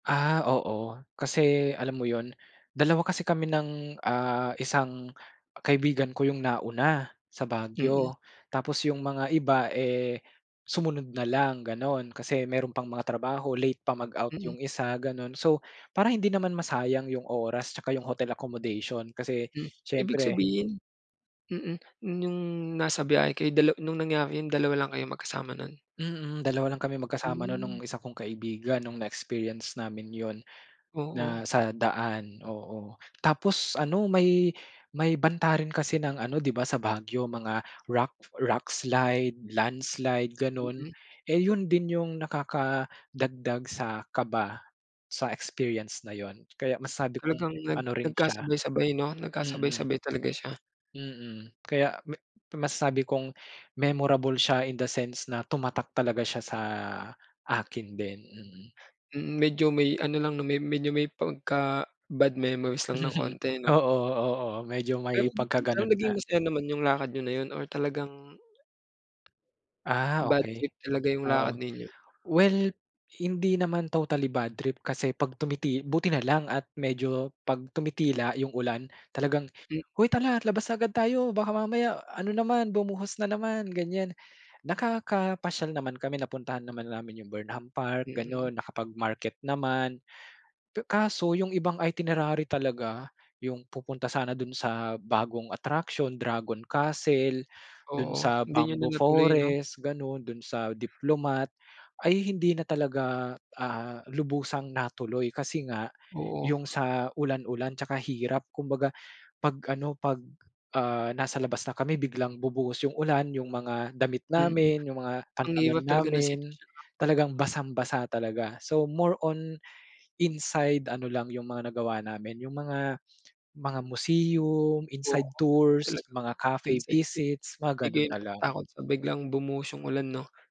Ah, oo kasi alam mo 'yun, dalawa kasi kami ng, ah, isang kaibigan ko 'yung nauna sa Mm. Baguio. Tapos, yung mga iba, eh, sumunod na lang ganon kasi meron pang mga trabaho, late pa mag-out Mm. 'yung isa ganon. So para hindi naman masayang 'yung oras 'tsaka 'yung hotel accommodation kasi Hmm, ibig siyempre sabihin mm, 'yung nasa biyahe kayo dala nung nangyari 'yun dalawa lang kayo magkasama nun? Mm, dalawa lang kami magkasama nun nung Hmm. isa kong kaibigan nung na-experience namin 'yun. Oo. Na, sa daan oo. Tapos ano may may banta rin kasi ng ano di ba sa Baguio mga rock, rock slide, landslide, ganon. Mm. Eh 'yun din 'yung nakakadagdag sa kaba sa experience na 'yun. Kaya masabi 'kong Talagang nag ano rin siya nagkasabay-sabay 'no mm. nagkasabay-sabay talaga siya. Mm. Kaya ma masasabi kong memorable siya in the sense na tumatak talaga siya sa akin din, mm. Mm, medyo may ano lang 'no, me medyo may pagka bad memories lang ng konti 'no? Oo, oo, medyo Pero, may pero pagkagano'n naging nga. masaya naman 'yung lakad niyo na 'yun or talagang Ah, bad okey. trip talaga 'yung Oo. lakad ninyo? Well, hindi naman totally bad trip kasi pag tumiti buti na lang at medyo pag tumitila 'yung ulan talagang, Mm "Hoy, tara labas agad tayo baka mamaya ano naman bumuhos na naman", ganiyan. Nakakapasyal naman kami, napuntahan naman namin 'yung Burnham Park Mm. ganon, nakapagmarket naman. Pe kaso 'yung ibang itinerary talaga, 'yung pupunta sana dun sa bagong attraction Dragon Castle, dun Oo, sa hindi niyo na Bamboo natuloy 'no? Forest, ganun, dun sa Diplomat, ay hindi na talaga, ah, lubusang natuloy kasi nga Oo. 'yung sa ulan-ulan 'tsaka hirap kumbaga pag ano, pag, ah, nasa labas na kami biglang bubuhos 'yung ulan. Yung mga damit Mm. namin, 'yung mga Ang pantalon hirap talaga ng namin, sitwasyon 'no. talagang basang-basa talaga. So more on inside ano lang 'yung mga nagawa namin 'yung mga, mga museum, inside Oo tours, talagang mga cafe inside trip, visits, di mga ganun kayo na lang. matatakot pag biglang bumuhos 'yung ulan no?